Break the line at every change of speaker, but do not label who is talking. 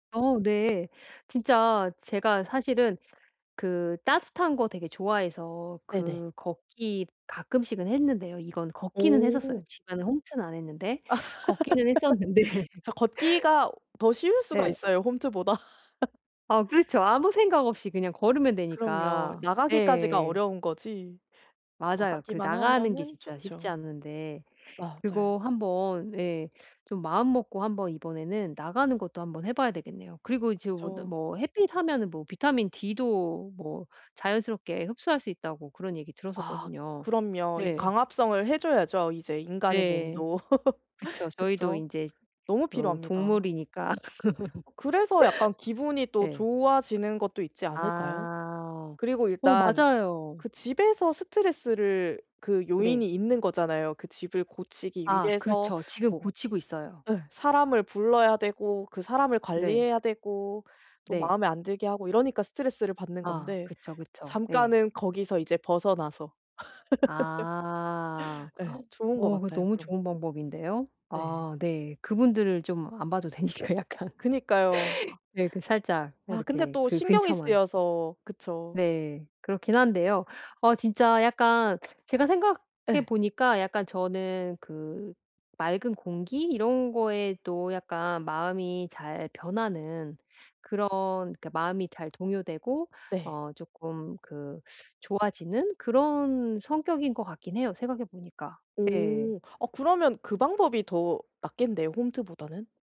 어 네. 진짜 제가 사실은 그 따뜻한 거 되게 좋아해서
네네.
그 걷기 가끔씩은 했는데요. 이건 걷기는 했었어요
어.
집안에 홈트는 안 했는데. 걷기는 했었는데
저 걷기가 더 쉬울 수가
네.
있어요 홈트보다.
아 그렇죠. 아무 생각 없이 그냥 걸으면
그럼요.
되니까.
나가기까지가
예.
어려운 거지.
맞아요. 그
나가기만
나가는 게
하면은
진짜 쉽지
좋죠.
않은데
맞아요.
그거 한번 예 좀 마음먹고 한번 이번에는 나가는 것도 한번 해 봐야 되겠네요. 그리고 지금 근데
그쵸.
뭐 햇빛하면은 뭐 비타민 D도 뭐 자연스럽게 흡수할 수 있다고 그런 얘기
아
들었었거든요.
그럼요. 이
네.
광합성을 해 줘야죠 이제 인간의
네.
몸도.
그쵸. 저희도
그쵸.
인제
너무
어
필요합니다.
동물이니까.
그래서 약간 기분이 또
네.
좋아지는 것도 있지 않을까요?
아.
그리고
어
일단
맞아요.
그 집에서 스트레스를 그 요인이
네.
있는 거잖아요. 그 집을 고치기
아
위해서
그렇죠. 지금
뭐
고치고 있어요.
예 사람을 불러야 되고 그 사람을
네.
관리해야 되고 또
네.
마음에 안 들게 하고 이러니까 스트레스를 받는
아
건데
그쵸, 그쵸. 예.
잠깐은 거기서 이제 벗어나서.
아
예 좋은 것
어 그거
같아요
너무
그런 것도.
좋은 방법인데요.
네.
아 네. 그분들을 좀 안 봐도 되니까 약간
그니까요. 아
이렇게 살짝
아 근데
이렇게
또
그
신경이
근처만.
쓰여서 그쵸.
네. 그렇긴 한데요. 어 진짜 약간 제가 생각해
예.
보니까 약간 저는 그 맑은 공기 이런 것에도 약간 마음이 잘 변하는 그런 그니까 마음이 잘 동요되고
네.
어 쪼끔 그 좋아지는 그런 성격인 것 같긴 해요 생각해 보니까. 네.
오 아 그러면 그 방법이 더 낫겠네요 홈트보다는.